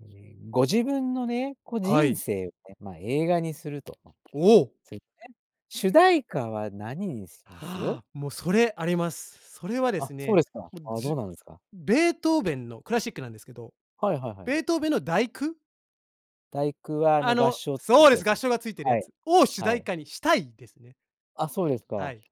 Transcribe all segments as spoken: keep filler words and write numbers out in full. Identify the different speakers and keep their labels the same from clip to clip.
Speaker 1: じん、ご自分のね、こ、
Speaker 2: は
Speaker 1: 人
Speaker 2: い。
Speaker 1: 生をね、まあ、映画にすると
Speaker 2: おお。
Speaker 1: そうい [unintelligible] ね。主題歌は何にします？
Speaker 2: もうそれあります。それはで
Speaker 1: あ、
Speaker 2: す
Speaker 1: そうで
Speaker 2: ね、
Speaker 1: すか。
Speaker 2: もう、
Speaker 1: あ、
Speaker 2: じ
Speaker 1: どん
Speaker 2: ゅ
Speaker 1: なのですか？
Speaker 2: ベートーべンのクラシックなんですけど、
Speaker 1: はいはいはい。
Speaker 2: ベートーべンのだいく
Speaker 1: だいくは、あ
Speaker 2: あ
Speaker 1: の、合
Speaker 2: の
Speaker 1: 唱付きっ
Speaker 2: そう
Speaker 1: て
Speaker 2: で
Speaker 1: や
Speaker 2: す。
Speaker 1: つ
Speaker 2: 合
Speaker 1: です？
Speaker 2: 唱がついてる
Speaker 1: は
Speaker 2: や
Speaker 1: い。
Speaker 2: つを、主
Speaker 1: は
Speaker 2: 題
Speaker 1: い。
Speaker 2: 歌にしたいですね。
Speaker 1: あ、そうです
Speaker 2: は
Speaker 1: か。
Speaker 2: い。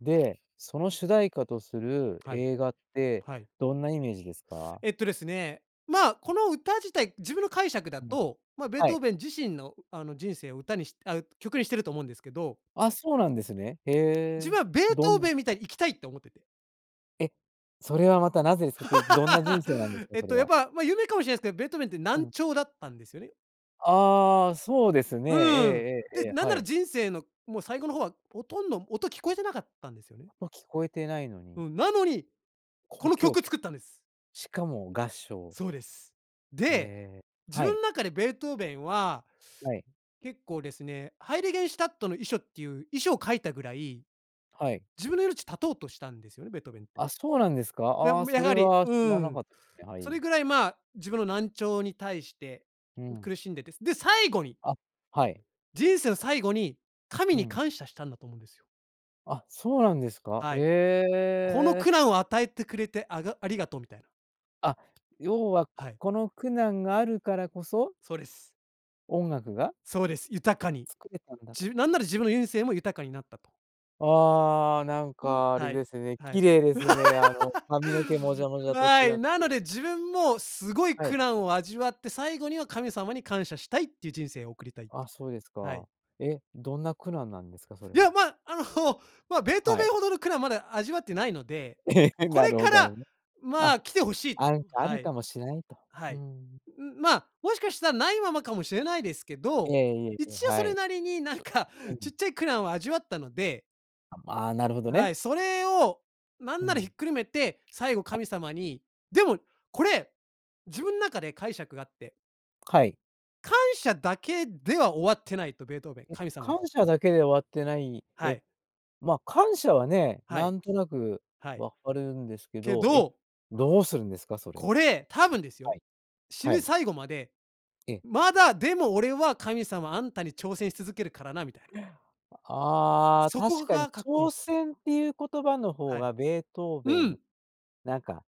Speaker 1: で、その主題歌とする
Speaker 2: はい。
Speaker 1: 映画って
Speaker 2: はい。
Speaker 1: どんなイメージですか？
Speaker 2: えっとですね。まあ、この歌自体、自分の解釈だ
Speaker 1: うん、
Speaker 2: と、まあ、ベー
Speaker 1: は
Speaker 2: ト
Speaker 1: い。
Speaker 2: ーべン自身のあの、人生を歌にしあ、曲にしてると思うんですけど
Speaker 1: あ、そうなんですね。へ
Speaker 2: 自
Speaker 1: え、
Speaker 2: 分はベー
Speaker 1: ど
Speaker 2: トー
Speaker 1: ん
Speaker 2: べンみたいに生きたいって思ってて。
Speaker 1: え。それはまたなぜですかってどんな人生なんです か？
Speaker 2: えっ
Speaker 1: それ
Speaker 2: とやっ
Speaker 1: は。
Speaker 2: ぱ、まあ有名かもしれないすけど、ベートーべンって
Speaker 1: う
Speaker 2: 難
Speaker 1: ん。
Speaker 2: 聴だったんですよね。
Speaker 1: ああ、そうですね。
Speaker 2: うん。
Speaker 1: ええええ
Speaker 2: で、
Speaker 1: ええ。
Speaker 2: なん
Speaker 1: は
Speaker 2: なら
Speaker 1: い。
Speaker 2: 人生のもう最後の方は、ほとんど音聞こえてなかったんですよね。
Speaker 1: 音聞こえてないの
Speaker 2: う
Speaker 1: に
Speaker 2: ん。なのに、こ
Speaker 1: 交
Speaker 2: の
Speaker 1: 響
Speaker 2: 曲
Speaker 1: きょ
Speaker 2: 作ったんです。
Speaker 1: しかも合唱。
Speaker 2: そうです。で、
Speaker 1: ええ、
Speaker 2: 自
Speaker 1: はい。
Speaker 2: 分中でベートーべンは、
Speaker 1: はい。
Speaker 2: 結構ですね、ハイリゲンシュタットの遺書っていう遺書を書いたぐらい、
Speaker 1: はい。
Speaker 2: 自分の命絶とうとしたんですよね、ベートーべンって。
Speaker 1: あ、そうなんですか？
Speaker 2: や
Speaker 1: ああ、
Speaker 2: め
Speaker 1: そ
Speaker 2: や
Speaker 1: れ
Speaker 2: はり、
Speaker 1: は
Speaker 2: う
Speaker 1: 知
Speaker 2: ー
Speaker 1: らな
Speaker 2: ん。
Speaker 1: かっね、は
Speaker 2: そ
Speaker 1: い。
Speaker 2: れぐらいまあ、自分の難聴に対して
Speaker 1: うん。
Speaker 2: 苦しんでて、で、最後に
Speaker 1: あ、はい。
Speaker 2: 人生の最後に神
Speaker 1: う
Speaker 2: に
Speaker 1: ん。
Speaker 2: 感謝したんだと思うんですよ。
Speaker 1: あ、そうなんですか？
Speaker 2: はい、
Speaker 1: え
Speaker 2: 「この
Speaker 1: え。
Speaker 2: 苦難を与えてくれてあがありがとう」みたいな
Speaker 1: あ、要は、
Speaker 2: は
Speaker 1: こ
Speaker 2: い。
Speaker 1: この苦難があるからこそ
Speaker 2: そうです。
Speaker 1: 音楽が
Speaker 2: そうです。豊かに、
Speaker 1: 作れたんだと。
Speaker 2: じなんなら自分の人生も豊かになったと。
Speaker 1: ああ、なん
Speaker 2: うん、
Speaker 1: かあれ
Speaker 2: はい、
Speaker 1: ですね、
Speaker 2: は
Speaker 1: 綺
Speaker 2: い。
Speaker 1: 麗ですね。あの髪の毛もじゃも じゃと
Speaker 2: は
Speaker 1: 違っ
Speaker 2: い、な
Speaker 1: て。
Speaker 2: ので、自分もすごい
Speaker 1: は
Speaker 2: 苦
Speaker 1: い。
Speaker 2: 難を味わって、最後には神様に感謝したいっていう、人生を送りたい、
Speaker 1: あ、そうです
Speaker 2: はい。
Speaker 1: か。え。どんな苦難なんですか？それ
Speaker 2: い
Speaker 1: は。
Speaker 2: や、まあ、あの まあ、ベートー
Speaker 1: は
Speaker 2: ベ
Speaker 1: い。
Speaker 2: ンほどの苦難まだ味わってないので、
Speaker 1: え、
Speaker 2: こ
Speaker 1: な
Speaker 2: れ
Speaker 1: るほ
Speaker 2: か
Speaker 1: ど、あ
Speaker 2: ら
Speaker 1: るね。
Speaker 2: ま
Speaker 1: あ、
Speaker 2: あ、来て欲しい
Speaker 1: あんかあ
Speaker 2: は
Speaker 1: る
Speaker 2: い。
Speaker 1: かもしれないと。
Speaker 2: は
Speaker 1: う
Speaker 2: い。う
Speaker 1: ん。
Speaker 2: う、まあ、もしかした、ないままかもしれないですけ
Speaker 1: え
Speaker 2: ど、
Speaker 1: え、いえいえ、
Speaker 2: 一応そ
Speaker 1: は
Speaker 2: れ
Speaker 1: い。
Speaker 2: なりになんか
Speaker 1: う
Speaker 2: ち
Speaker 1: ん。
Speaker 2: っちゃい苦難を味わったので
Speaker 1: ああ、なるほど
Speaker 2: は
Speaker 1: ね。
Speaker 2: い、それを何
Speaker 1: う
Speaker 2: ならひ
Speaker 1: ん。
Speaker 2: っくるめて最後
Speaker 1: あ。
Speaker 2: 神様にでもこれ、自分、中で解釈があって
Speaker 1: はい。
Speaker 2: 感謝だけでは終わってないと、ベートーベン、
Speaker 1: ん、
Speaker 2: 神様に。
Speaker 1: 感謝だけで終わってない
Speaker 2: は
Speaker 1: え？
Speaker 2: い。
Speaker 1: ま、感謝はね、
Speaker 2: は
Speaker 1: な
Speaker 2: い。
Speaker 1: んとなく
Speaker 2: はい。
Speaker 1: わかるんですけ
Speaker 2: け
Speaker 1: ど、え、
Speaker 2: ど
Speaker 1: どうするんですか？それ。
Speaker 2: これ、多分です
Speaker 1: は
Speaker 2: よ、
Speaker 1: い。
Speaker 2: 死
Speaker 1: は
Speaker 2: ぬ
Speaker 1: い。
Speaker 2: 最後まで、
Speaker 1: ええ。
Speaker 2: 「まだでも、俺は、神様あんたに挑戦し続けるからな」みたいな
Speaker 1: ああ、
Speaker 2: そこ
Speaker 1: 確かに
Speaker 2: がかっこいいん
Speaker 1: 挑
Speaker 2: す。
Speaker 1: 戦っていう言葉の方
Speaker 2: はい。
Speaker 1: がベートーベ
Speaker 2: う
Speaker 1: ン、
Speaker 2: ん。
Speaker 1: なんか、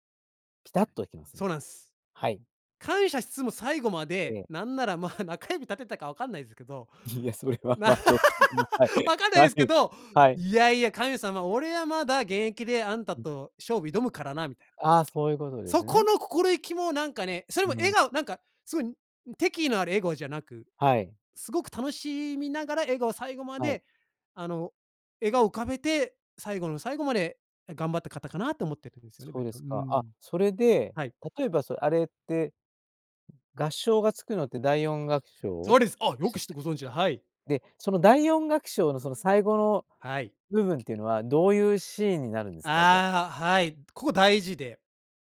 Speaker 1: ピタッときます
Speaker 2: そ
Speaker 1: ね。
Speaker 2: うなんす。
Speaker 1: はい。
Speaker 2: 感謝しつつも最後ま
Speaker 1: え
Speaker 2: で、
Speaker 1: え。
Speaker 2: 何ならまあ、中指立てたかわかんないすけど、
Speaker 1: いや、それ は、ま、ちょっと、ま、はい。
Speaker 2: わかんない
Speaker 1: は
Speaker 2: ですけ
Speaker 1: い、
Speaker 2: ど、
Speaker 1: はい。
Speaker 2: 「いやいや、神様、俺はまだ現役で、あんた
Speaker 1: うん。
Speaker 2: と勝負挑むからな」みたいな。
Speaker 1: ああ、そういうことです
Speaker 2: そこ
Speaker 1: ね。
Speaker 2: の心意気もなんかね、それ
Speaker 1: う
Speaker 2: も笑
Speaker 1: ん。
Speaker 2: 顔なんかすごい、ん、敵意のある笑顔じゃなく、
Speaker 1: はい。
Speaker 2: すごく楽しみながら、笑顔最後ま
Speaker 1: はい。
Speaker 2: であの、笑顔浮かべて最後の最後まで頑張った方かなと思ってるんすよね、
Speaker 1: そう
Speaker 2: ベ
Speaker 1: で
Speaker 2: トう
Speaker 1: す
Speaker 2: ー
Speaker 1: か。あ、
Speaker 2: ん。
Speaker 1: それで、
Speaker 2: はい。
Speaker 1: 例えば、そ、あれって、合唱がつくのってだいよんがくしょ
Speaker 2: そうです！あ、
Speaker 1: う
Speaker 2: よ
Speaker 1: したっ
Speaker 2: く知ってご
Speaker 1: け？
Speaker 2: 存知で、はい。
Speaker 1: で、そのだいよんがくしょうの、その最後の
Speaker 2: はい。
Speaker 1: 部分っていうのは、どういうシーンになるんですか？じゃあ。
Speaker 2: ああ、はい、ここ大事で、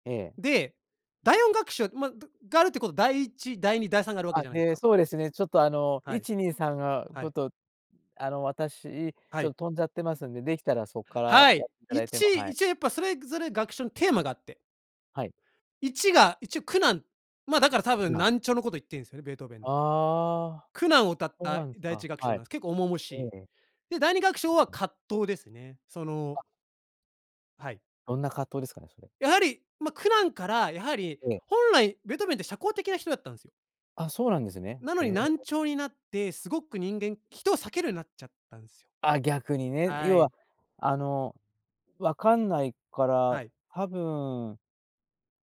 Speaker 1: ええ。
Speaker 2: で、だいよんがくしょう、ま、たが、あるってことだいいち、だいに、だいさんがあるわけ
Speaker 1: あ、
Speaker 2: じゃないす
Speaker 1: で、
Speaker 2: か。
Speaker 1: そうですね、ちょっとあの、
Speaker 2: は
Speaker 1: い
Speaker 2: い。
Speaker 1: ちにいさんが、ち
Speaker 2: は
Speaker 1: ょっ
Speaker 2: い。
Speaker 1: とあの、私、
Speaker 2: は
Speaker 1: ちょっ
Speaker 2: い。
Speaker 1: 飛んじゃってますんで、できたらそっから
Speaker 2: は
Speaker 1: や
Speaker 2: い！
Speaker 1: っていただ
Speaker 2: い
Speaker 1: いて
Speaker 2: ち
Speaker 1: も、はい。
Speaker 2: 一応やっぱそれぞれ楽章のテーマがあって
Speaker 1: はい。
Speaker 2: いちが一応、苦難。まあ、だから多
Speaker 1: 苦
Speaker 2: 分
Speaker 1: 難。
Speaker 2: 難聴のこと言ってんすね、ベートーベン。
Speaker 1: ああ、
Speaker 2: 苦難を歌っ
Speaker 1: そう
Speaker 2: た
Speaker 1: なんです
Speaker 2: だいいち
Speaker 1: か、
Speaker 2: がくしょ
Speaker 1: は
Speaker 2: う
Speaker 1: い。
Speaker 2: なんす、結構重々し
Speaker 1: え
Speaker 2: い。
Speaker 1: え。
Speaker 2: で、だいにがくしょうは葛藤ですね。そ
Speaker 1: あ。
Speaker 2: のはい。
Speaker 1: どんな葛藤ですかね、それ。
Speaker 2: やはり、ま、苦難からやはり、
Speaker 1: ええ。
Speaker 2: 本来ベートーベンって社交的な人だったんですよ。
Speaker 1: あ、そうなんですね。
Speaker 2: なの
Speaker 1: へ
Speaker 2: に
Speaker 1: え。
Speaker 2: 難聴になって、すごく人間人を避けるようになっちゃったんすよ。
Speaker 1: あ、逆にね、
Speaker 2: は
Speaker 1: 要は
Speaker 2: い。
Speaker 1: あのわかんないか
Speaker 2: は
Speaker 1: ら、
Speaker 2: い。
Speaker 1: 多分う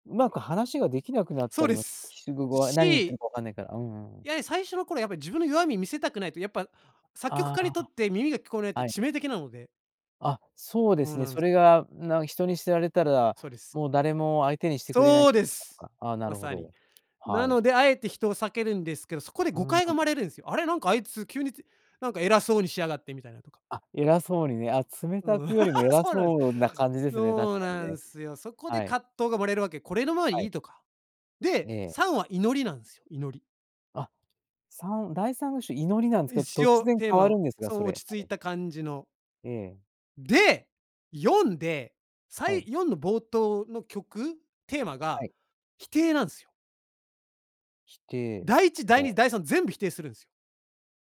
Speaker 1: まく話ができなくなっ
Speaker 2: そ
Speaker 1: た
Speaker 2: う
Speaker 1: り
Speaker 2: で
Speaker 1: も、
Speaker 2: す、
Speaker 1: は何言って
Speaker 2: し
Speaker 1: るかわかんないから。うんうんう
Speaker 2: い
Speaker 1: ん。
Speaker 2: や、最初の頃やっぱり自分の弱み見せたくないと、やっぱ作曲
Speaker 1: あ
Speaker 2: 家にとっ
Speaker 1: あ、
Speaker 2: て耳が聞こえないと
Speaker 1: はい。
Speaker 2: 致命的なので。
Speaker 1: あ、そうで
Speaker 2: そ
Speaker 1: す
Speaker 2: う
Speaker 1: ね。
Speaker 2: なん
Speaker 1: そ
Speaker 2: す。
Speaker 1: れがなん人に知られたら、
Speaker 2: そうです。
Speaker 1: もう誰も相手にしてくれない
Speaker 2: そうで
Speaker 1: と
Speaker 2: す。
Speaker 1: かああ、な
Speaker 2: ま
Speaker 1: るほ
Speaker 2: さに。
Speaker 1: ど、
Speaker 2: な
Speaker 1: はい。
Speaker 2: のであえて人を避けるんですけど、そこで
Speaker 1: う
Speaker 2: 誤
Speaker 1: んう
Speaker 2: 解が生
Speaker 1: ん。
Speaker 2: まれるんすよ。あれなんかあいつ急につなんか偉そうにしやがってみたいなとか。
Speaker 1: あ、偉そうにね、あ、冷た
Speaker 2: うん、
Speaker 1: くよりも 偉
Speaker 2: そうなんす。
Speaker 1: そうな感じですね、確
Speaker 2: そう
Speaker 1: かに
Speaker 2: な
Speaker 1: ね。
Speaker 2: んすよ。そこで
Speaker 1: はい。
Speaker 2: 葛藤が生まれるわけ。これのまあ
Speaker 1: は
Speaker 2: い
Speaker 1: い。
Speaker 2: いとか。
Speaker 1: え
Speaker 2: で、
Speaker 1: え。
Speaker 2: さんは祈りなんすよ、祈り。
Speaker 1: あ、さんだいさんの章、祈りなんですけど、
Speaker 2: 一
Speaker 1: 突
Speaker 2: 応
Speaker 1: 然
Speaker 2: テー
Speaker 1: 変わ
Speaker 2: マ
Speaker 1: る
Speaker 2: は
Speaker 1: んですが、
Speaker 2: そ
Speaker 1: そ
Speaker 2: の
Speaker 1: れ、
Speaker 2: 落ち
Speaker 1: は
Speaker 2: 着い
Speaker 1: い。
Speaker 2: た感じの。
Speaker 1: ええ。
Speaker 2: で、よんで、さ
Speaker 1: はい。
Speaker 2: いよんの冒頭の曲、テーマ
Speaker 1: は
Speaker 2: が
Speaker 1: い。
Speaker 2: 否定なんすよ。
Speaker 1: 否定
Speaker 2: だいいちだい
Speaker 1: も
Speaker 2: に
Speaker 1: う
Speaker 2: だいさん全部否定するんす。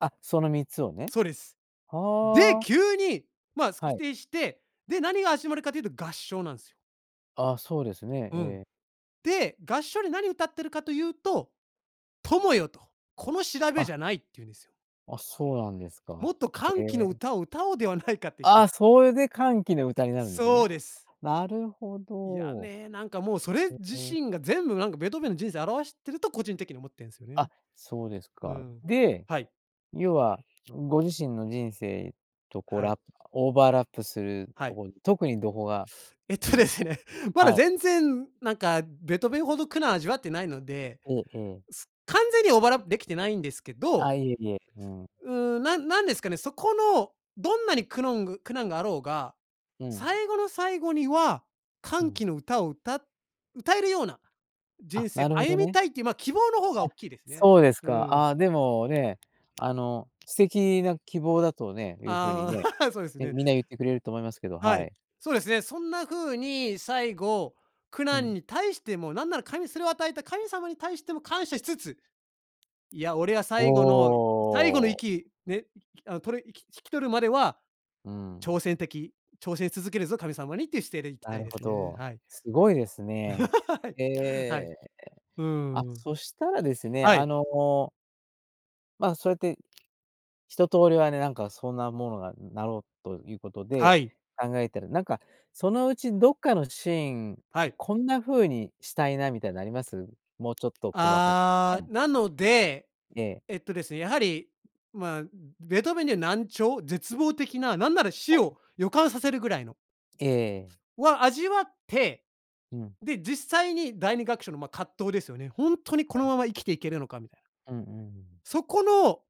Speaker 1: あ、そのみっつをね。
Speaker 2: そうです。で、
Speaker 1: はあ。
Speaker 2: 急に、ま、
Speaker 1: は
Speaker 2: 否
Speaker 1: い。
Speaker 2: 定して、で、何が始まるかというと合唱なんすよ。
Speaker 1: あ、そうですね。
Speaker 2: う
Speaker 1: え
Speaker 2: ん。
Speaker 1: え。
Speaker 2: で、合唱で何歌っているかというと、「友よ」と、「この調べ
Speaker 1: あ
Speaker 2: じゃない」って言うんですよ。
Speaker 1: あ、そうなんですか。
Speaker 2: 「もっと
Speaker 1: へ
Speaker 2: 歓喜の
Speaker 1: え。
Speaker 2: 歌を歌おうではないか」って、ん
Speaker 1: あ、それで歓喜の歌になるんですね。
Speaker 2: そうです。
Speaker 1: なるほ
Speaker 2: いや
Speaker 1: ど。う
Speaker 2: ね、なんかもうそれ自
Speaker 1: んうん。
Speaker 2: 身が全部、なんかベートーベンの人生を表してると個人的に思ってんすよね。
Speaker 1: あ、そうです
Speaker 2: う
Speaker 1: か。
Speaker 2: ん。
Speaker 1: で、
Speaker 2: はい。
Speaker 1: 要は、ご自身の人生とこう
Speaker 2: はい。
Speaker 1: ラオーバーラップする
Speaker 2: は
Speaker 1: と
Speaker 2: い。
Speaker 1: ころ、特にどこが
Speaker 2: えっ
Speaker 1: いいん
Speaker 2: と
Speaker 1: で
Speaker 2: で
Speaker 1: す
Speaker 2: す
Speaker 1: か？
Speaker 2: ね、まだ
Speaker 1: はい。
Speaker 2: 全然、なんか、ベートーベンほど苦難味わってないので。
Speaker 1: ええええ。
Speaker 2: す完全にオーバーラップ出来てないんですけど
Speaker 1: あ、いえいえ、うん。
Speaker 2: うん、なんなんですかね、そこの、どんなにくのんぐ苦難があろうが、
Speaker 1: うん。
Speaker 2: 最後の最後には、
Speaker 1: う
Speaker 2: 歓
Speaker 1: ん。
Speaker 2: 喜の歌を歌歌えるような人
Speaker 1: あ、な
Speaker 2: 生
Speaker 1: るほ
Speaker 2: 歩
Speaker 1: ど
Speaker 2: み
Speaker 1: ね。
Speaker 2: たいっ
Speaker 1: あ、
Speaker 2: ていう、ま、希望の方がおっきいですね。
Speaker 1: そうです
Speaker 2: う
Speaker 1: か、
Speaker 2: ん。
Speaker 1: あ、でも、ね、あの、素敵な希望だとね、いう風に
Speaker 2: あ
Speaker 1: ね、
Speaker 2: あ、そうで
Speaker 1: っ
Speaker 2: す
Speaker 1: て
Speaker 2: ね。
Speaker 1: みんな言ってくれると思いますけど、
Speaker 2: は
Speaker 1: は
Speaker 2: い、
Speaker 1: い。
Speaker 2: そうですね。そんな風に、最後、苦
Speaker 1: う
Speaker 2: 難
Speaker 1: ん。
Speaker 2: に対しても、なんなら神それを与えた神様に対しても感謝しつつ、いや俺は
Speaker 1: お
Speaker 2: 最後の最後の
Speaker 1: お。
Speaker 2: 息ね、あ、とれ息引き取るまでは、
Speaker 1: うん。
Speaker 2: 調整的調整し続けるぞ、神様にっていう姿勢でいき
Speaker 1: な
Speaker 2: たい
Speaker 1: る
Speaker 2: で
Speaker 1: ほ
Speaker 2: すね。
Speaker 1: ど。
Speaker 2: はい。
Speaker 1: すごいです ね。
Speaker 2: はい、
Speaker 1: へ
Speaker 2: はい。
Speaker 1: え。
Speaker 2: う
Speaker 1: あ、
Speaker 2: ーん。
Speaker 1: そしたらですね、
Speaker 2: は
Speaker 1: あ
Speaker 2: い。
Speaker 1: のまあ、そうやって、一通りはね、なんかそんなものが、ん、なろうと言う事で、
Speaker 2: はい。
Speaker 1: 考えたら、なんか、そのうち、どっかのシーン、
Speaker 2: はい。
Speaker 1: こんな風にしたいな、みたいなあります？もうちょっと細かは
Speaker 2: あ、
Speaker 1: い。
Speaker 2: なので、
Speaker 1: ええ。
Speaker 2: えっとですね、やはり、まあ、ベートーベンには難聴、絶望的な、なんなら、
Speaker 1: は
Speaker 2: 死
Speaker 1: い。
Speaker 2: を予感させるぐらいの
Speaker 1: ええ。
Speaker 2: は、味わって、
Speaker 1: うん。
Speaker 2: で、実際にだいにがくしょうの、ま、葛藤ですよね。ほんとに
Speaker 1: は
Speaker 2: この
Speaker 1: い。
Speaker 2: まま生きていけるのかみたいな。
Speaker 1: うんうん。
Speaker 2: そこの、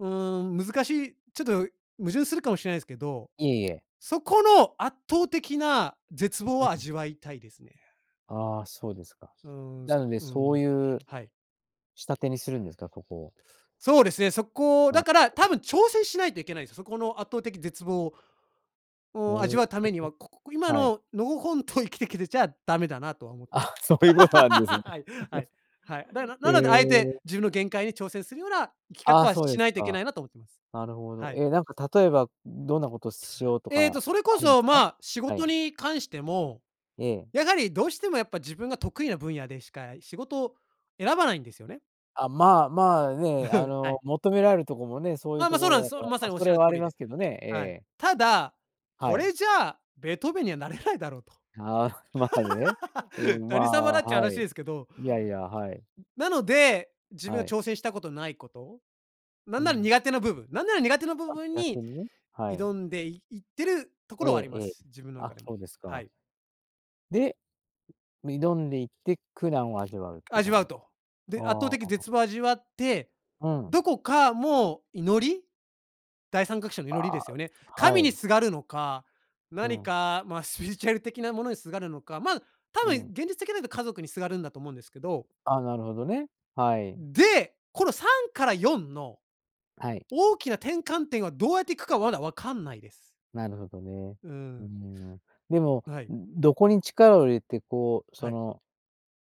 Speaker 2: うーん、難しい、ちょっと、矛盾するかもしれないすけど、
Speaker 1: いえいえ。
Speaker 2: そこの圧倒的な絶望
Speaker 1: う
Speaker 2: を
Speaker 1: ん。
Speaker 2: 味わいたいですね。
Speaker 1: ああ、そうですか。
Speaker 2: うん、そ
Speaker 1: なの
Speaker 2: れ
Speaker 1: で、
Speaker 2: う
Speaker 1: そ
Speaker 2: ん、
Speaker 1: う言う
Speaker 2: はい。
Speaker 1: 仕立てにするんですか？ここを。
Speaker 2: そうですね。そこ、だから、多
Speaker 1: [unintelligible]
Speaker 2: 分挑戦しないといけないんですよ。そこの圧倒的絶望
Speaker 1: お、
Speaker 2: を、
Speaker 1: お
Speaker 2: 味わ
Speaker 1: お、
Speaker 2: う為には、こここ、今
Speaker 1: はい。
Speaker 2: ののほほんと生きてきてちゃダメだなとは思って
Speaker 1: あ、そう言う事なんですね。
Speaker 2: はい、はい。はい。だか ら、なので、敢えて
Speaker 1: え。
Speaker 2: 自分の限界に挑戦するような生き方
Speaker 1: あ、
Speaker 2: は
Speaker 1: そうで
Speaker 2: し
Speaker 1: す
Speaker 2: ないといけ
Speaker 1: か。
Speaker 2: ないなと思っています。
Speaker 1: なるほど。
Speaker 2: はい。
Speaker 1: え、なんか例えば、う、どんな事しようと
Speaker 2: えっと、
Speaker 1: か
Speaker 2: それこ
Speaker 1: あるんつ
Speaker 2: そ、
Speaker 1: か？
Speaker 2: まあ、仕
Speaker 1: は
Speaker 2: 事
Speaker 1: い。
Speaker 2: に関しても、
Speaker 1: ええ。
Speaker 2: やはり、どうしても、やっぱ自分が得意な分野でしか仕事を選ばないんですよね。
Speaker 1: あ、まあまあね。あ
Speaker 2: は
Speaker 1: の、
Speaker 2: い。
Speaker 1: 求められるとこもね、そういう
Speaker 2: ま
Speaker 1: と
Speaker 2: ま、そう
Speaker 1: こ
Speaker 2: なん
Speaker 1: ろ
Speaker 2: で
Speaker 1: だ
Speaker 2: す、そ
Speaker 1: か
Speaker 2: う、
Speaker 1: ら、
Speaker 2: まさ
Speaker 1: ま、
Speaker 2: におっ
Speaker 1: そ
Speaker 2: しゃ
Speaker 1: れ
Speaker 2: る
Speaker 1: は
Speaker 2: 通
Speaker 1: あり
Speaker 2: り
Speaker 1: ま
Speaker 2: で。
Speaker 1: すけどね、え
Speaker 2: はい、
Speaker 1: え。
Speaker 2: ただ、
Speaker 1: は
Speaker 2: こ
Speaker 1: い。
Speaker 2: れじゃあベートーベンにはなれないだろうと。
Speaker 1: ああ、まあねう ん、ま
Speaker 2: 何様
Speaker 1: あ、
Speaker 2: だっちゅう
Speaker 1: は
Speaker 2: 話
Speaker 1: い。
Speaker 2: ですけど。
Speaker 1: いやいや、はい。
Speaker 2: なので、自分
Speaker 1: は
Speaker 2: が
Speaker 1: い。
Speaker 2: 挑戦したことないこと、な
Speaker 1: う
Speaker 2: んなら
Speaker 1: ん。
Speaker 2: 苦手な部分なんなら苦手な部
Speaker 1: あ、
Speaker 2: 分
Speaker 1: 逆
Speaker 2: に
Speaker 1: にね、はい。
Speaker 2: 挑んでいいってるとこ
Speaker 1: え
Speaker 2: ろはあり
Speaker 1: え
Speaker 2: ま
Speaker 1: ええ。
Speaker 2: す。自分の中
Speaker 1: あ、
Speaker 2: でも。
Speaker 1: そうです
Speaker 2: は
Speaker 1: か。
Speaker 2: い。
Speaker 1: で、挑んでいって、苦難を味わうっていう感
Speaker 2: 味
Speaker 1: じ
Speaker 2: わ
Speaker 1: で
Speaker 2: う
Speaker 1: すか。
Speaker 2: と。で、圧倒
Speaker 1: あ
Speaker 2: 的に
Speaker 1: あ。
Speaker 2: 絶を味わって、
Speaker 1: うん。
Speaker 2: どこかもう祈り？だいさんがくしょうの
Speaker 1: あ
Speaker 2: 祈りで
Speaker 1: あ、
Speaker 2: すよね。
Speaker 1: は
Speaker 2: 神に
Speaker 1: い。
Speaker 2: すがるのか、
Speaker 1: う
Speaker 2: 何
Speaker 1: ん。
Speaker 2: か、まスピリチュアル的なものにすがるのか、ま、多
Speaker 1: う
Speaker 2: 分
Speaker 1: ん。
Speaker 2: 現実的になると家族にすがるんだと思うんですけど。
Speaker 1: あ、なるほどね、はい。
Speaker 2: で、このさんからよんの
Speaker 1: はい。
Speaker 2: 大きな転換点はどうやっていくかまだわかんないです。
Speaker 1: なるほどね。
Speaker 2: う
Speaker 1: うー
Speaker 2: ん。
Speaker 1: ん、でも、
Speaker 2: はい。
Speaker 1: どこに力を入れてこうそ
Speaker 2: はい。
Speaker 1: の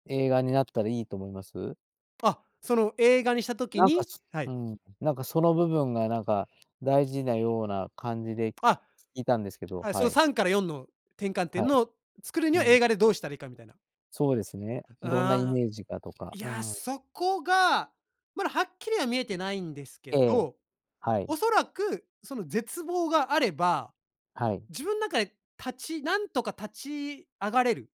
Speaker 1: 映画になったらいいと思います？
Speaker 2: あ、その映画にした時
Speaker 1: なんか、
Speaker 2: に
Speaker 1: す
Speaker 2: は
Speaker 1: う
Speaker 2: い。
Speaker 1: ん、なんかその部分がなんか大事なような感じで
Speaker 2: あ、
Speaker 1: いたんですけど、
Speaker 2: はい、そ
Speaker 1: は
Speaker 2: の
Speaker 1: い。
Speaker 2: さんからよんの転換
Speaker 1: は
Speaker 2: 点
Speaker 1: い。
Speaker 2: の作るに
Speaker 1: う
Speaker 2: は
Speaker 1: ん。
Speaker 2: 映画でどうしたらいいかみたいな。
Speaker 1: そうですね、どんなイ
Speaker 2: ああ、
Speaker 1: メージがとか。
Speaker 2: い
Speaker 1: うー
Speaker 2: や、
Speaker 1: ん。
Speaker 2: そこが、まだはっきりは見えてないんですけ
Speaker 1: ええ、
Speaker 2: ど、
Speaker 1: はい。
Speaker 2: 恐らくその絶望があれば、
Speaker 1: はい。
Speaker 2: 自分ん中で立ちなんとか立ち上がれる。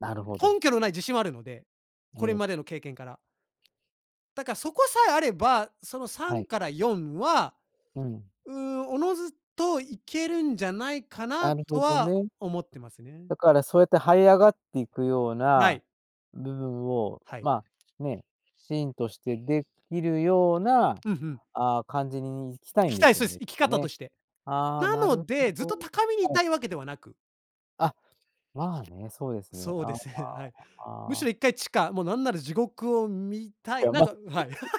Speaker 1: なるほど。
Speaker 2: 根拠の無い自信はあるので、
Speaker 1: え
Speaker 2: これまで
Speaker 1: え。
Speaker 2: の経験から。だかそこさえあれば、そのさ
Speaker 1: は
Speaker 2: ん
Speaker 1: い。
Speaker 2: からよんは、
Speaker 1: うん。
Speaker 2: うーん、自ずと行けるんじゃないかな
Speaker 1: なるほ
Speaker 2: と
Speaker 1: ど
Speaker 2: は
Speaker 1: ね。
Speaker 2: 思ってますね。
Speaker 1: だからそうやって這い上がっていくよう
Speaker 2: は
Speaker 1: な、
Speaker 2: い。
Speaker 1: 部分を、
Speaker 2: はい。
Speaker 1: まあ、ね、きちんとして出来るような、
Speaker 2: うんふん。
Speaker 1: ああ、感じにに生きたい
Speaker 2: 生
Speaker 1: ん
Speaker 2: き
Speaker 1: で
Speaker 2: たい
Speaker 1: す
Speaker 2: そ
Speaker 1: よ
Speaker 2: うで
Speaker 1: ね、
Speaker 2: す、
Speaker 1: きっ
Speaker 2: 生き
Speaker 1: と
Speaker 2: 方と
Speaker 1: ね。
Speaker 2: して。
Speaker 1: ああ、
Speaker 2: な
Speaker 1: なる
Speaker 2: ので、ずっ
Speaker 1: ほ
Speaker 2: と
Speaker 1: ど。
Speaker 2: 高みに居
Speaker 1: はい。
Speaker 2: たいわけではなく。
Speaker 1: あ、まあね、そうですね。
Speaker 2: そう
Speaker 1: あ、あ
Speaker 2: です、へはい。
Speaker 1: あ、
Speaker 2: む
Speaker 1: あ、あ
Speaker 2: し
Speaker 1: あ。
Speaker 2: ろいっかい地下、もうなんなら地獄を見た
Speaker 1: い
Speaker 2: い、
Speaker 1: や、
Speaker 2: なん
Speaker 1: ま、
Speaker 2: かはい。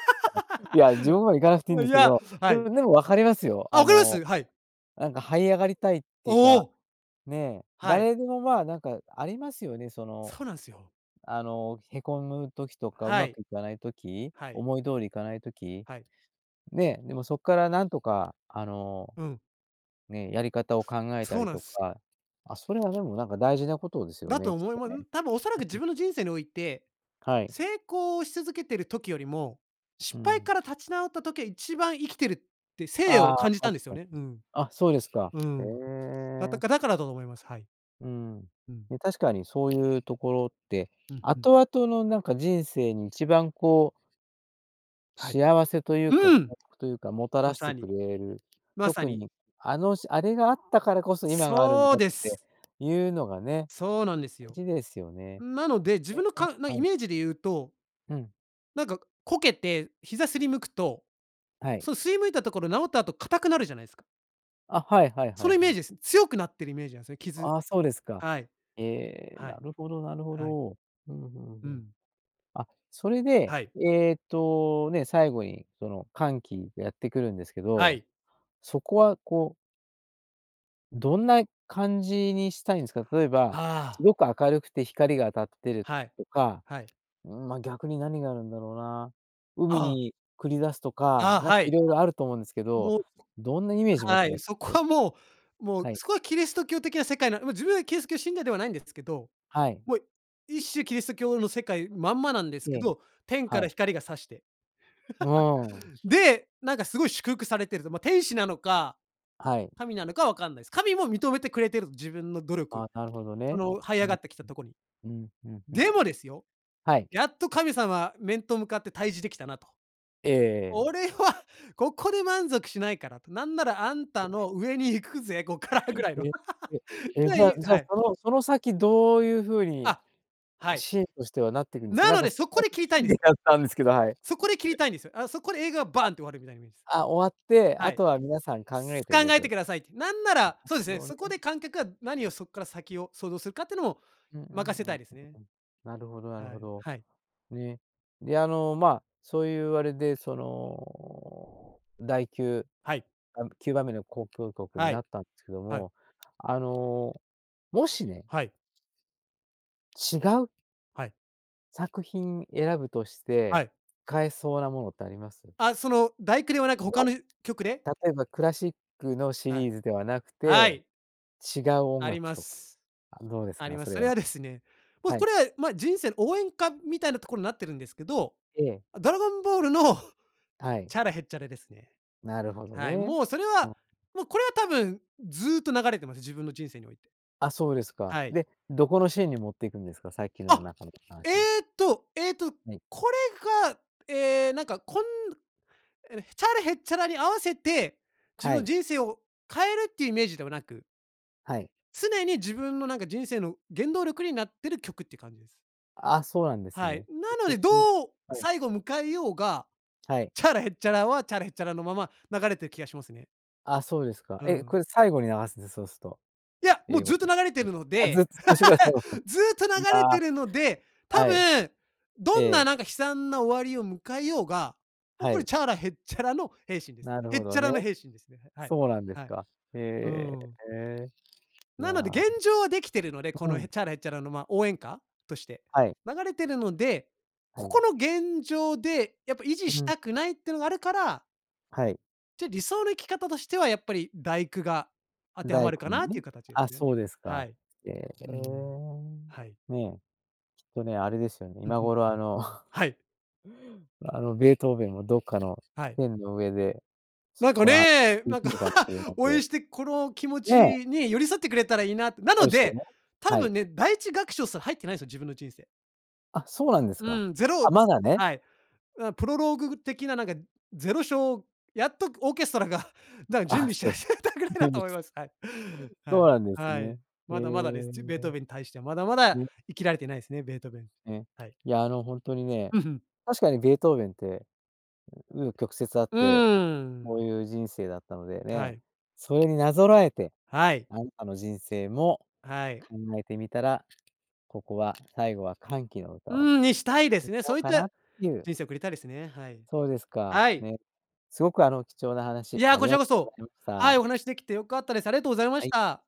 Speaker 1: いや、地獄までは行かなくていん
Speaker 2: あ、
Speaker 1: で
Speaker 2: い
Speaker 1: すけ
Speaker 2: や
Speaker 1: ど、
Speaker 2: は
Speaker 1: でも
Speaker 2: い。
Speaker 1: でも分かりますよ。
Speaker 2: あ、
Speaker 1: あの、
Speaker 2: はい。
Speaker 1: なんか這い上がりたいってい
Speaker 2: お
Speaker 1: うか、
Speaker 2: お。
Speaker 1: ね、
Speaker 2: はい。
Speaker 1: 誰でもまあ、なんかありますよね、その、
Speaker 2: そうなんすよ。
Speaker 1: あの、へこむ時とか、う
Speaker 2: は
Speaker 1: ま
Speaker 2: い。
Speaker 1: くいかない時、
Speaker 2: はい。
Speaker 1: 思い通りいかない時、
Speaker 2: はい。
Speaker 1: ね。でもそっからなんとか、あの、
Speaker 2: うん。
Speaker 1: ね、やり方を考えた
Speaker 2: そう
Speaker 1: り
Speaker 2: なん
Speaker 1: と
Speaker 2: す。
Speaker 1: か、あ、それはでもなんか大事なことですよ
Speaker 2: だと
Speaker 1: ね、きっ
Speaker 2: 思い
Speaker 1: と
Speaker 2: まん、
Speaker 1: ね。
Speaker 2: 多分恐らく
Speaker 1: ん、
Speaker 2: 自
Speaker 1: ん。
Speaker 2: 分の人生において、
Speaker 1: はい。
Speaker 2: 成功をし続けてる時よりも、
Speaker 1: う
Speaker 2: 失敗
Speaker 1: ん。
Speaker 2: から立ち直った時、一番生きてるって、生
Speaker 1: あ
Speaker 2: を
Speaker 1: あ、
Speaker 2: 感じたん
Speaker 1: 確
Speaker 2: ですよ
Speaker 1: かに。
Speaker 2: ね。うん。
Speaker 1: あ、そうですか。
Speaker 2: う
Speaker 1: へ
Speaker 2: ん、だった
Speaker 1: え。
Speaker 2: かだからだと思います。はい。
Speaker 1: うん。
Speaker 2: うん。
Speaker 1: で、確かにそういうところって、
Speaker 2: うんうん。
Speaker 1: 後々のなんか人生に一番こう
Speaker 2: はい。
Speaker 1: 幸せというか、幸
Speaker 2: うん。
Speaker 1: 福というか、もた
Speaker 2: ま
Speaker 1: らして
Speaker 2: さ
Speaker 1: く
Speaker 2: に。
Speaker 1: れる、
Speaker 2: まさ
Speaker 1: 特
Speaker 2: に。
Speaker 1: に、あのしあれがあったからこそ今があるん
Speaker 2: そ
Speaker 1: だ
Speaker 2: う
Speaker 1: っ
Speaker 2: で
Speaker 1: て
Speaker 2: す。
Speaker 1: いうのがね、
Speaker 2: そうなんですよ。
Speaker 1: 大事ですよね。
Speaker 2: なので、自
Speaker 1: ね、
Speaker 2: 分の
Speaker 1: え、え、
Speaker 2: かんな
Speaker 1: は
Speaker 2: イ
Speaker 1: い。
Speaker 2: メージで言うと
Speaker 1: うん。
Speaker 2: なんかこけて膝擦りむくと、
Speaker 1: はい。
Speaker 2: その擦りむいたところ治った後硬くなるじゃないすか？
Speaker 1: あ、はいはいは
Speaker 2: それ
Speaker 1: い
Speaker 2: イ
Speaker 1: は
Speaker 2: メー
Speaker 1: い。
Speaker 2: ジです。強くなっているイメージなんすね、傷
Speaker 1: ああ、そうですか。
Speaker 2: はい。
Speaker 1: ええ、
Speaker 2: は
Speaker 1: な
Speaker 2: い。
Speaker 1: るほどなるほ
Speaker 2: はい。
Speaker 1: ど。うん、ふん
Speaker 2: う
Speaker 1: ふん。
Speaker 2: ん。
Speaker 1: あ、それで
Speaker 2: はい。
Speaker 1: えっと、ね、最後にその、歓喜がやってくるんですけ
Speaker 2: は
Speaker 1: ど、
Speaker 2: い。
Speaker 1: そこはこうどんな感じにしたいんすか？例えば、
Speaker 2: あ
Speaker 1: す
Speaker 2: あ。
Speaker 1: ごく明るくて光が当たってる
Speaker 2: はい、
Speaker 1: とか、
Speaker 2: はい。
Speaker 1: うーん、ま、逆に何があるんだろうな。海
Speaker 2: ああ。
Speaker 1: に繰り出すとか、
Speaker 2: あ、
Speaker 1: なんか
Speaker 2: はい。
Speaker 1: 色々あると思うんですけど、
Speaker 2: もう
Speaker 1: どんなイメージ持っ
Speaker 2: は
Speaker 1: てら
Speaker 2: い、そこ
Speaker 1: す？
Speaker 2: はもうもう、
Speaker 1: はい。
Speaker 2: そこは、キリスト教的な世界なうま、自分はキリスト教信者ではないんですけど、
Speaker 1: はい。
Speaker 2: もう一種キリスト教の世界まんまなんです
Speaker 1: え
Speaker 2: け
Speaker 1: え、
Speaker 2: ど、天か
Speaker 1: は
Speaker 2: ら
Speaker 1: い。
Speaker 2: 光が差して。
Speaker 1: ああ。
Speaker 2: で、なんかすごい祝福されてると、ま、天使なのか、
Speaker 1: はい。
Speaker 2: 神なのかわかんないです。神も認めてくれてる、自分の努
Speaker 1: あ
Speaker 2: 力。
Speaker 1: あ、なるほど
Speaker 2: そ
Speaker 1: ね。
Speaker 2: の這い
Speaker 1: う
Speaker 2: 上
Speaker 1: ん、ん、
Speaker 2: がってきたとこに。
Speaker 1: うん、うん、うん、ん、
Speaker 2: でもですよ
Speaker 1: はい。
Speaker 2: やっと神様、面と向かって対峙できたなと、
Speaker 1: ええええ。
Speaker 2: 俺はここで満足しないからと、なんならあん
Speaker 1: え。
Speaker 2: たの上に行くぜ、こっからぐらいの。
Speaker 1: え、え、え、じ
Speaker 2: で、
Speaker 1: ゃ
Speaker 2: い
Speaker 1: じゃあ、
Speaker 2: はい。
Speaker 1: そのその先どういう風に、
Speaker 2: あ、はい。
Speaker 1: シーンとしてはなっていくんですか？
Speaker 2: な
Speaker 1: なん
Speaker 2: の
Speaker 1: か
Speaker 2: で、
Speaker 1: せっ
Speaker 2: そこ
Speaker 1: か
Speaker 2: で
Speaker 1: く
Speaker 2: 切り
Speaker 1: き
Speaker 2: たいんです。
Speaker 1: たんですけど、はい。
Speaker 2: そこで切りたいんですよ。あの、そこで映画がバーンって終わるみたい
Speaker 1: あ、あ、終わって、
Speaker 2: はい。
Speaker 1: 後は皆さん考えて
Speaker 2: 考
Speaker 1: ね
Speaker 2: え
Speaker 1: と。な
Speaker 2: て
Speaker 1: る
Speaker 2: くださいって。なんなら、そうですね、
Speaker 1: ほど
Speaker 2: そこ
Speaker 1: ね。
Speaker 2: で観客が何をそっから先を想像するかっていうのも
Speaker 1: うんうんうん、ん、ん、ん。
Speaker 2: 任せたいですね。
Speaker 1: なるほどなる
Speaker 2: は
Speaker 1: ほ
Speaker 2: い、
Speaker 1: ど。
Speaker 2: はい。
Speaker 1: ね。で、あの、ま、そういうあれでその、だいきゅう、
Speaker 2: はい。
Speaker 1: あんきゅうばんめの交響曲に
Speaker 2: は
Speaker 1: な
Speaker 2: い、
Speaker 1: ったんすけど
Speaker 2: はい。
Speaker 1: も、あの、もしね
Speaker 2: はい。
Speaker 1: 違う
Speaker 2: はい。
Speaker 1: 作品選ぶとして、
Speaker 2: はい。
Speaker 1: 変えそうなものってあります？
Speaker 2: あ、その、第九ではなくほか
Speaker 1: ま、
Speaker 2: の、う曲で？
Speaker 1: 例えばクラシックのシ
Speaker 2: は
Speaker 1: リ
Speaker 2: い。
Speaker 1: ーズではなく
Speaker 2: は
Speaker 1: て、
Speaker 2: い！
Speaker 1: 違う音
Speaker 2: あり
Speaker 1: 楽
Speaker 2: ま
Speaker 1: とか、
Speaker 2: す。
Speaker 1: あ、どうです
Speaker 2: あり
Speaker 1: か、
Speaker 2: ま
Speaker 1: そ
Speaker 2: す、
Speaker 1: れ
Speaker 2: それ
Speaker 1: は？
Speaker 2: はですね、ま、
Speaker 1: は
Speaker 2: こ
Speaker 1: い。
Speaker 2: れは、ま、人生の応援歌みたいなとこになってるんですけど、
Speaker 1: ええ。
Speaker 2: ドラゴンボールの
Speaker 1: はい。
Speaker 2: チャラ・ヘッチャラですね。
Speaker 1: なるほど
Speaker 2: はい、
Speaker 1: ね。
Speaker 2: もうそれ
Speaker 1: う
Speaker 2: は
Speaker 1: ん。
Speaker 2: もうこれは多分ずっと流れてます、自分の人生において。
Speaker 1: あ、そうですか。
Speaker 2: はい。
Speaker 1: で、どこのシーンに持っていくんですか？さっきの
Speaker 2: あ、
Speaker 1: 中の話。
Speaker 2: えっとえっと、
Speaker 1: はい。
Speaker 2: これが、ええ、なんかこんえ、チャラ・ヘッチャラに合わせて、自
Speaker 1: は
Speaker 2: 分、
Speaker 1: い。
Speaker 2: 人生を変えるってイメージではなく
Speaker 1: はい。
Speaker 2: 常に自分の、なんか人生の原動力になってる曲って感じです。
Speaker 1: あ、そうなんです
Speaker 2: はい、
Speaker 1: ね。え、
Speaker 2: なのでど う
Speaker 1: はい。
Speaker 2: 最後迎えようが、
Speaker 1: はい。
Speaker 2: チャラ・ヘッチャラは、チャラ・ヘッチャラのまま流れてる気がしますね。
Speaker 1: ああ、そうですか。
Speaker 2: う
Speaker 1: え？こ
Speaker 2: ん。
Speaker 1: れ最後に流すんでそうすと、
Speaker 2: いや、もう
Speaker 1: 英語
Speaker 2: ずっと
Speaker 1: の
Speaker 2: 流れてるの
Speaker 1: あ、ず
Speaker 2: で
Speaker 1: っと最初から最後ま
Speaker 2: ずっと流
Speaker 1: で。い
Speaker 2: れ
Speaker 1: や
Speaker 2: てるので、多
Speaker 1: はい。
Speaker 2: 分
Speaker 1: え
Speaker 2: どんな
Speaker 1: え。
Speaker 2: なんか悲惨な終わりを迎えようが、もう
Speaker 1: は
Speaker 2: これ、
Speaker 1: い。
Speaker 2: チャラ・ヘッチャラの平心です。
Speaker 1: なる
Speaker 2: ヘ
Speaker 1: ほ
Speaker 2: ッ
Speaker 1: ど
Speaker 2: チャ
Speaker 1: ね。
Speaker 2: ラの平心ですね。はい。
Speaker 1: そうなんで
Speaker 2: は
Speaker 1: す
Speaker 2: い。
Speaker 1: か、
Speaker 2: うー
Speaker 1: へ
Speaker 2: ん。
Speaker 1: え。いや。
Speaker 2: なので現状はできてるので、こ
Speaker 1: う
Speaker 2: のヘ
Speaker 1: ん。
Speaker 2: ッチャラ、ヘッチャラのまあ、応援歌として
Speaker 1: はい。
Speaker 2: 流れてるので、
Speaker 1: は
Speaker 2: こ
Speaker 1: い。
Speaker 2: この現状でやっぱ維持
Speaker 1: う
Speaker 2: し
Speaker 1: ん。
Speaker 2: たくないってのがあるから
Speaker 1: はい。
Speaker 2: じゃ、理想の生き方としてはやっぱりだいくが、当ては
Speaker 1: だい
Speaker 2: まる
Speaker 1: く
Speaker 2: か
Speaker 1: に
Speaker 2: なとい
Speaker 1: ね。
Speaker 2: う形です
Speaker 1: あ、
Speaker 2: ね。
Speaker 1: そうです
Speaker 2: は
Speaker 1: か。
Speaker 2: い。
Speaker 1: へえ。
Speaker 2: うん。はい。
Speaker 1: ねえ、きっとね、あれですよね、
Speaker 2: うん
Speaker 1: 今
Speaker 2: うん。
Speaker 1: 頃あの
Speaker 2: はい。
Speaker 1: あの、ベートーベンもどっかの
Speaker 2: はい。
Speaker 1: 天の上で、
Speaker 2: なんか
Speaker 1: この
Speaker 2: ね、
Speaker 1: 聞い
Speaker 2: なん
Speaker 1: て
Speaker 2: か
Speaker 1: るかもしれな い
Speaker 2: 応援
Speaker 1: で
Speaker 2: してこの気持
Speaker 1: ね
Speaker 2: ち
Speaker 1: え。
Speaker 2: に寄り添ってくれたらいいなって。な
Speaker 1: そう
Speaker 2: の
Speaker 1: ですよ
Speaker 2: で、
Speaker 1: ね、
Speaker 2: 多
Speaker 1: はい。
Speaker 2: 分ね、だいいちがくしょうすら入ってないんですよ、自分の人生。
Speaker 1: あ、そうなんですか。
Speaker 2: うん、ゼロ
Speaker 1: あ、
Speaker 2: ず
Speaker 1: まだね。
Speaker 2: はい、う、プロローグ的ななんかぜろしょうやっとオーケストラがなんか準
Speaker 1: あ、
Speaker 2: 備
Speaker 1: そ
Speaker 2: して
Speaker 1: うです、
Speaker 2: 始めたぐらいだ
Speaker 1: 厳
Speaker 2: と思い
Speaker 1: 密
Speaker 2: ます。はい。はい。
Speaker 1: そうなんです
Speaker 2: は
Speaker 1: ね。
Speaker 2: い。
Speaker 1: へ
Speaker 2: まだまだです。
Speaker 1: え。
Speaker 2: ちょ、ベートーベンに対してはまだまだ
Speaker 1: ね。
Speaker 2: 生きられてないですね、ベートーベン。
Speaker 1: ね、
Speaker 2: はい。
Speaker 1: いや、あの本当にね、
Speaker 2: うん、ふん。
Speaker 1: 確かにベートーベンって、う紆余曲折あっ
Speaker 2: う
Speaker 1: て、
Speaker 2: ー
Speaker 1: こ
Speaker 2: ん。
Speaker 1: ういう人生だったので
Speaker 2: は
Speaker 1: ね、
Speaker 2: い。
Speaker 1: それになぞらえて、
Speaker 2: はい。
Speaker 1: あなたの人生も
Speaker 2: はい。
Speaker 1: 考えてみたら、ここは、最後は歓喜の
Speaker 2: う
Speaker 1: 歌を
Speaker 2: ーん、にしたいです
Speaker 1: 歌
Speaker 2: ね。
Speaker 1: お
Speaker 2: そ
Speaker 1: う
Speaker 2: ういっ
Speaker 1: かな
Speaker 2: た
Speaker 1: っていう。
Speaker 2: 人生を送りたいですね。はい。
Speaker 1: そうですか。
Speaker 2: はい。
Speaker 1: ね。すごくあの貴重な
Speaker 2: い
Speaker 1: 話
Speaker 2: や、
Speaker 1: あり
Speaker 2: こち
Speaker 1: が
Speaker 2: ら
Speaker 1: と
Speaker 2: こ
Speaker 1: うござ
Speaker 2: そ。
Speaker 1: いまし
Speaker 2: はい、お
Speaker 1: た。
Speaker 2: 話しできて良かったです。ありがとうございま
Speaker 1: は
Speaker 2: し
Speaker 1: い。
Speaker 2: た。